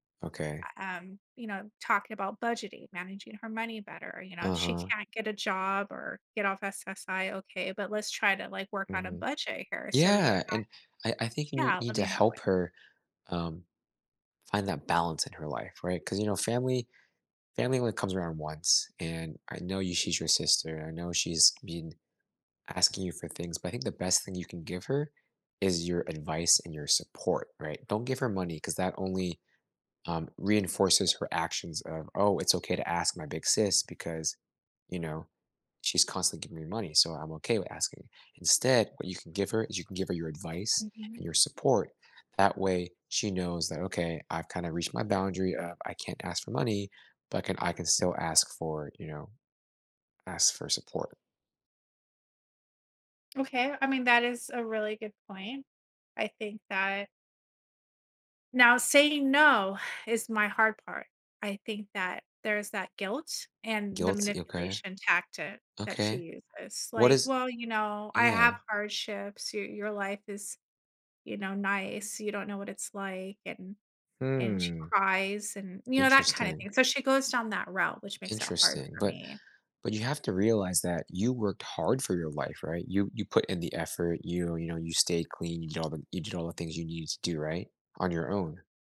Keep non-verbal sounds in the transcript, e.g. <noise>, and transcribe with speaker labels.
Speaker 1: Okay.
Speaker 2: U um, you know, talking about budgeting, managing her money better, uh, you know, if she
Speaker 1: Uh-huh.
Speaker 2: can't get a job or get off SSI. Okay. But let's try to, like, work on a
Speaker 1: Mhm.
Speaker 2: budget here. So you're
Speaker 1: Yeah,
Speaker 2: not
Speaker 1: and I I think you nee
Speaker 2: yeah, I
Speaker 1: need to
Speaker 2: mean that
Speaker 1: help
Speaker 2: way.
Speaker 1: her, um, find that balance in her life, right? 'Cause, you know, family family only comes around once and I know y she's your sister, I know she's been asking you for things but I think the best thing you can give her is your advice and your support, right? Don't give her money 'cause that only, um, reinforces her actions of, "Oh, it's okay to ask my big sis because, you know, she's constantly giving me money so I'm okay with asking." Instead what you can give her is you can give her your advice
Speaker 2: Mhm.
Speaker 1: and your support. That way she knows that, "Okay, I've kinda reached my boundary of 'I can't ask for money,' but can I can still ask for, you know, ask for support."
Speaker 2: Okay. I mean, that is a really good point. I think that now, saying "no" <sighs> is my hard part. I think that there's that guilt and the
Speaker 1: Guilty. Okay.
Speaker 2: manipulation tactic that she
Speaker 1: Okay.
Speaker 2: uses.
Speaker 1: What
Speaker 2: Like,
Speaker 1: is
Speaker 2: "Well, you know, I have
Speaker 1: Yeah.
Speaker 2: hardships. Your your life is, you know, nice. You don't know what it's like." And and she
Speaker 1: Mm.
Speaker 2: cries and, you know, that kinda
Speaker 1: Interesting.
Speaker 2: thing. So she goes down that route, which makes it hard
Speaker 1: Interesting.
Speaker 2: for
Speaker 1: But
Speaker 2: me.
Speaker 1: but you have to realize that you worked hard for your life, right? You you put in the effort, you you know, you stay clean, you did all the you did all the things you needed to do, right, on your own.